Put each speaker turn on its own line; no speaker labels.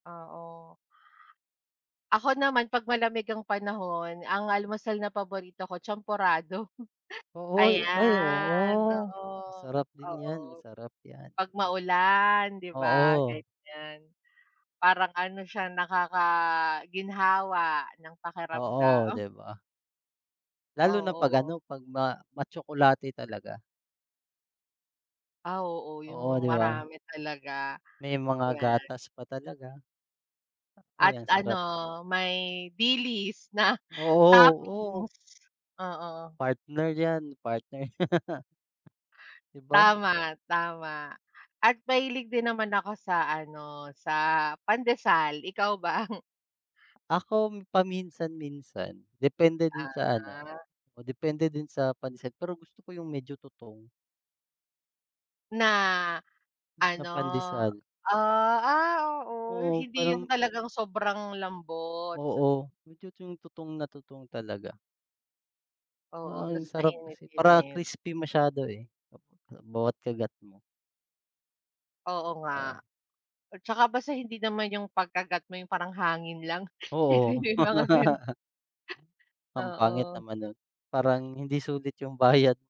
Ah, oh. Ako naman, pag malamig ang panahon, ang almusal na paborito ko champorado.
Oh, uy, ay,
Ayan,
oo.
oo,
Sarap din
oo,
yan, masarap yan.
pag maulan, 'di ba,
Oo.
ganyan. Parang ano, siya nakakaginhawa ng
Oo,
pakiramdam.
di ba? Lalo na pag
Oo.
ano, pag ma matsokolate talaga.
Ah, oo,
Oo,
yung
di ba?
marami talaga,
May mga
yan.
gatas pa talaga.
At
Ay, ang sarap.
ano, may dilis na
Oo, oh, u
toppings, oo.
Partner yan, partner. Di ba?
Tama, tama at mahilig din naman ako sa ano, sa pandesal, ikaw ba?
Akom paminsan-minsan. Depende din sa ano
Ah.
o depende din sa pansit. Pero gusto ko yung medyo tutong.
Na
Na
ano,
pandesal.
ah, ah, oo.
Oo,
Hindi yung
parang.
talagang sobrang lambot.
Oo, medyo yung tutong na tutong talaga.
Oo,
Ah,
tas
ang sarap kasi para
mainit-init.
crispy masyado eh, pag bawat kagat mo.
Oo nga.
Ah.
At saka basta hindi naman yung pagkagat mo, yung parang hangin lang, kasi
Oo.
may mga gan.
Ang pangit
Oo.
naman no'n. Parang hindi sulit yung bayad.